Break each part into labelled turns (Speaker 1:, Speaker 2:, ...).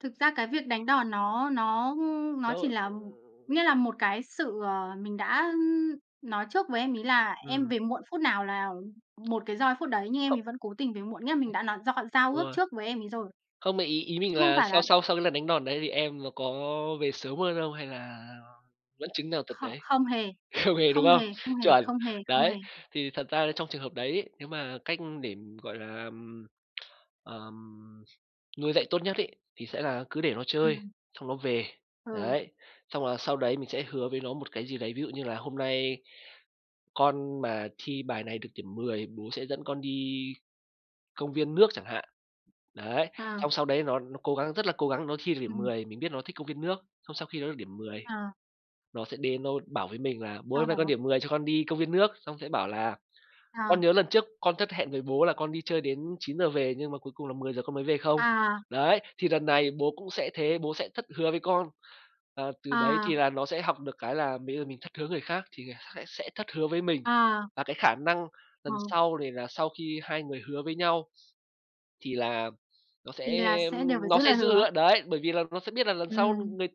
Speaker 1: Thực ra cái việc đánh đòn nó nó, ưm, nó chỉ
Speaker 2: Đâu
Speaker 1: là nghĩa là một cái sự, ờ, mình đã, ưm, nói trước với em ấy là em
Speaker 2: Ừm.
Speaker 1: về muộn phút nào là 1 cái roi phút đấy, nhưng em
Speaker 2: Cộng
Speaker 1: ấy vẫn cố tình về muộn, nghĩa là mình đã nói gio giao
Speaker 2: Đúng
Speaker 1: ước
Speaker 2: rồi.
Speaker 1: trước với em ấy rồi.
Speaker 2: Không, mà ý ý mình
Speaker 1: Chứ không
Speaker 2: là
Speaker 1: phải
Speaker 2: sau
Speaker 1: là
Speaker 2: sau sau cái lần đánh đòn đấy thì em nó có về sớm hơn không hay là vẫn chứng nào tật
Speaker 1: Kh
Speaker 2: đấy?
Speaker 1: không hề.
Speaker 2: Không về, đúng
Speaker 1: Không
Speaker 2: không?
Speaker 1: hề, không hề,
Speaker 2: Chuẩn,
Speaker 1: không hề, không
Speaker 2: đấy,
Speaker 1: hề.
Speaker 2: thì thật ra trong trường hợp đấy ấy, nếu mà cách để, ừm, gọi là, ừm, ờm, nuôi dạy tốt nhất ấy, thì sẽ là cứ để nó chơi,
Speaker 1: Ừm.
Speaker 2: xong nó về.
Speaker 1: Ừ.
Speaker 2: Đấy, xong là sau đấy mình sẽ hứa với nó một cái gì đấy, ví dụ như là hôm nay con mà thi bài này được điểm 10, bố sẽ dẫn con đi công viên nước chẳng hạn. Đấy,
Speaker 1: À.
Speaker 2: xong sau đấy nó nó cố gắng, rất là cố gắng nó thi được điểm
Speaker 1: Ừm.
Speaker 2: 10, mình biết nó thích công viên nước, xong sau khi nó được điểm 10,
Speaker 1: À.
Speaker 2: nó sẽ đến nó bảo với mình là "Bố ơi,
Speaker 1: Sau
Speaker 2: hôm nay con
Speaker 1: đó
Speaker 2: điểm 10, cho con đi công viên nước." Xong sẽ bảo là
Speaker 1: À.
Speaker 2: "Con nhớ lần trước con thất hẹn với bố là con đi chơi đến 9:00 về nhưng mà cuối cùng là 10:00 con mới về không?
Speaker 1: À.
Speaker 2: Đấy, thì lần này bố cũng sẽ thế, bố sẽ thất hứa với con." Là từ đấy thì
Speaker 1: À.
Speaker 2: là nó sẽ học được cái là bây giờ mình thất hứa người khác thì sẽ sẽ thất hứa với mình.
Speaker 1: À.
Speaker 2: Và cái khả năng
Speaker 1: Ờ.
Speaker 2: lần sau này là sau khi hai người hứa với nhau thì là nó
Speaker 1: Thì
Speaker 2: sẽ,
Speaker 1: là sẽ đều
Speaker 2: ưm,
Speaker 1: phải
Speaker 2: nó
Speaker 1: giữ
Speaker 2: sẽ
Speaker 1: lời
Speaker 2: giữ
Speaker 1: hứa.
Speaker 2: hứa. Đấy, bởi vì là nó sẽ biết là lần sau
Speaker 1: Ừm.
Speaker 2: người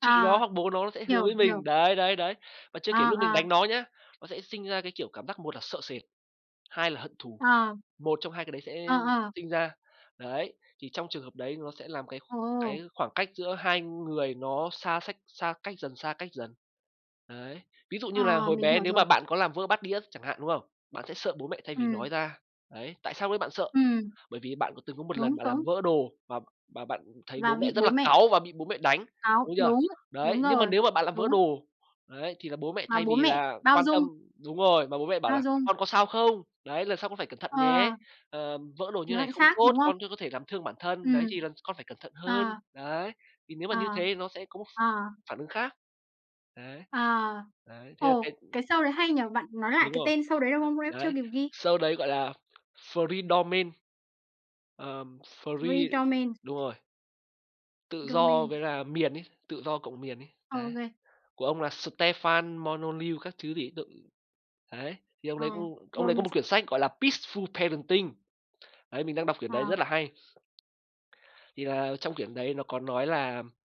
Speaker 2: chị nó
Speaker 1: À.
Speaker 2: hoặc bố nó nó sẽ hứa
Speaker 1: Hiểu,
Speaker 2: với
Speaker 1: hiểu.
Speaker 2: mình. Đấy, đấy, đấy, và chưa
Speaker 1: À,
Speaker 2: kể lúc mình
Speaker 1: à.
Speaker 2: đánh nó nhá, nó sẽ sinh ra cái kiểu cảm giác một là sợ sệt, hai là hận thù,
Speaker 1: À.
Speaker 2: một trong hai cái đấy
Speaker 1: Ờ,
Speaker 2: sẽ
Speaker 1: ờ.
Speaker 2: sinh ra. Đấy, thì trong trường hợp đấy nó sẽ làm cái
Speaker 1: Ừ, ừ.
Speaker 2: cái khoảng cách giữa hai người nó xa sách xa cách dần, xa cách dần. Đấy. Ví dụ như là
Speaker 1: À,
Speaker 2: hồi
Speaker 1: mình
Speaker 2: bé
Speaker 1: hiểu
Speaker 2: nếu mà
Speaker 1: rồi.
Speaker 2: bạn có làm vỡ bát đĩa chẳng hạn, đúng không? Bạn sẽ sợ bố mẹ thay vì nói
Speaker 1: Ừm.
Speaker 2: ra. Đấy, tại sao lúc đấy bạn sợ?
Speaker 1: Ừm.
Speaker 2: Bởi vì bạn c từng có một lần
Speaker 1: Đúng,
Speaker 2: bạn làm
Speaker 1: đúng.
Speaker 2: vỡ đồ và b bạn thấy
Speaker 1: Và
Speaker 2: bố mẹ
Speaker 1: bị
Speaker 2: rất
Speaker 1: bố
Speaker 2: là
Speaker 1: mẹ
Speaker 2: cáu và bị bố mẹ đánh,
Speaker 1: cáu,
Speaker 2: đúng chưa?
Speaker 1: đúng.
Speaker 2: Đấy,
Speaker 1: Đúng
Speaker 2: nhưng mà
Speaker 1: rồi.
Speaker 2: nếu mà bạn làm vỡ
Speaker 1: Đúng.
Speaker 2: đồ, đấy, thì là bố mẹ
Speaker 1: Mà
Speaker 2: thay
Speaker 1: bố
Speaker 2: vì
Speaker 1: mẹ
Speaker 2: là
Speaker 1: bao
Speaker 2: quan
Speaker 1: dung.
Speaker 2: tâm đúng rồi, mà bố mẹ bảo
Speaker 1: Bao
Speaker 2: là
Speaker 1: dung.
Speaker 2: "Con có sao không? Đấy, lần sau con phải cẩn thận nhé,
Speaker 1: Ờ.
Speaker 2: ờm, vỡ đồ
Speaker 1: Thì
Speaker 2: như thế
Speaker 1: nó
Speaker 2: này
Speaker 1: lại
Speaker 2: không
Speaker 1: khác,
Speaker 2: tốt,
Speaker 1: đúng không?
Speaker 2: con sẽ có thể làm thương bản thân. Đấy,
Speaker 1: Ừm.
Speaker 2: thì lần s con phải cẩn thận hơn."
Speaker 1: À.
Speaker 2: Đấy, thì nếu mà như
Speaker 1: À.
Speaker 2: thế thì nó sẽ có một
Speaker 1: À.
Speaker 2: phản ứng khác. Đấy.
Speaker 1: À.
Speaker 2: Đấy, thế là cái
Speaker 1: Ồ. Cái show đấy hay nhỉ? Bạn nói lại
Speaker 2: Đúng
Speaker 1: cái
Speaker 2: rồi.
Speaker 1: tên show đấy được không? Lúc nãy chưa
Speaker 2: Đấy.
Speaker 1: kịp ghi.
Speaker 2: Show đấy gọi là Freedomain. Ờm,
Speaker 1: thờ ri
Speaker 2: free
Speaker 1: đo men.
Speaker 2: đúng rồi. Tự do với
Speaker 1: Domain.
Speaker 2: là miền ấy, tự do cộng miền ấy. Đấy.
Speaker 1: OK.
Speaker 2: Của ông là Stefan Molyneux các thứ gì ấy. [unintelligible] Đấy, thì ông
Speaker 1: À.
Speaker 2: đấy cũng ông
Speaker 1: Rồi
Speaker 2: đấy có
Speaker 1: mình
Speaker 2: một
Speaker 1: sẽ
Speaker 2: quyển sách gọi là "Peaceful Parenting". Đấy, mình đang đọc quyển đấy rất
Speaker 1: À.
Speaker 2: là hay. Thì là trong quyển đấy nó có nói là